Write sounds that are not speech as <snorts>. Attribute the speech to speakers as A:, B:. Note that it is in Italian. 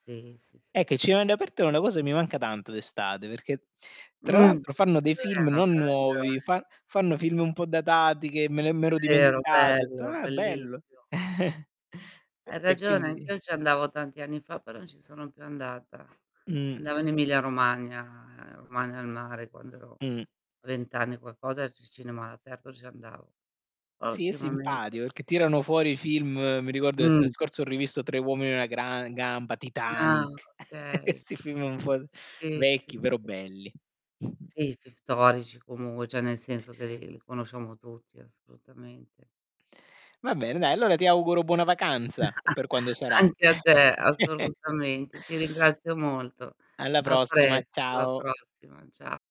A: Sì, sì, sì.
B: Ecco, i cinema all' aperto è una cosa che mi manca tanto d'estate, perché tra
A: Mh.
B: l'altro fanno dei film
A: Vero,
B: non
A: c'ha
B: nuovi,
A: ragione.
B: fan fanno film un po' datati, che me l'e m'ero
A: È vero,
B: dimenticato. Ho detto:
A: bello,
B: "Ah, bello!"
A: bellissimo.
B: <chuckles> E
A: Hai
B: e
A: ragione.
B: quindi
A: Anch'io ci andavo tanti anni fa, però non ci sono più andata.
B: Mh.
A: Andavo in Emilia Romagna, ehm, Romagna al mare, quando ero
B: Mh-mh.
A: a 20 anni e qualcosa, ci cinema all'aperto ci andavo. Poi
B: Sì, è
A: ultimamente
B: simpatico, perchè tirano fuori film mi ricordo, l'estate
A: Mh.
B: scorsa ho rivisto Tre Uomini E Una Gran Gamba,
A: Ah,
B: Titanic, <chuckles>
A: okay.
B: 'sti film un po'
A: Sì, sì,
B: vecchi però
A: sì.
B: belli. <snorts>
A: Sì, film storici comunque cioè, nel senso che li li conosciamo tutti, assolutamente.
B: Va bene dai,
A: Anche
B: allora
A: a
B: ti
A: me.
B: auguro buona vacanza, u per quando
A: <chuckles>
B: sarà.
A: Anche a te,
B: <chuckles>
A: assolutamente. Ti ringrazio molto.
B: Alla
A: A
B: prossima,
A: presto, la
B: ciao.
A: prossima, ciao.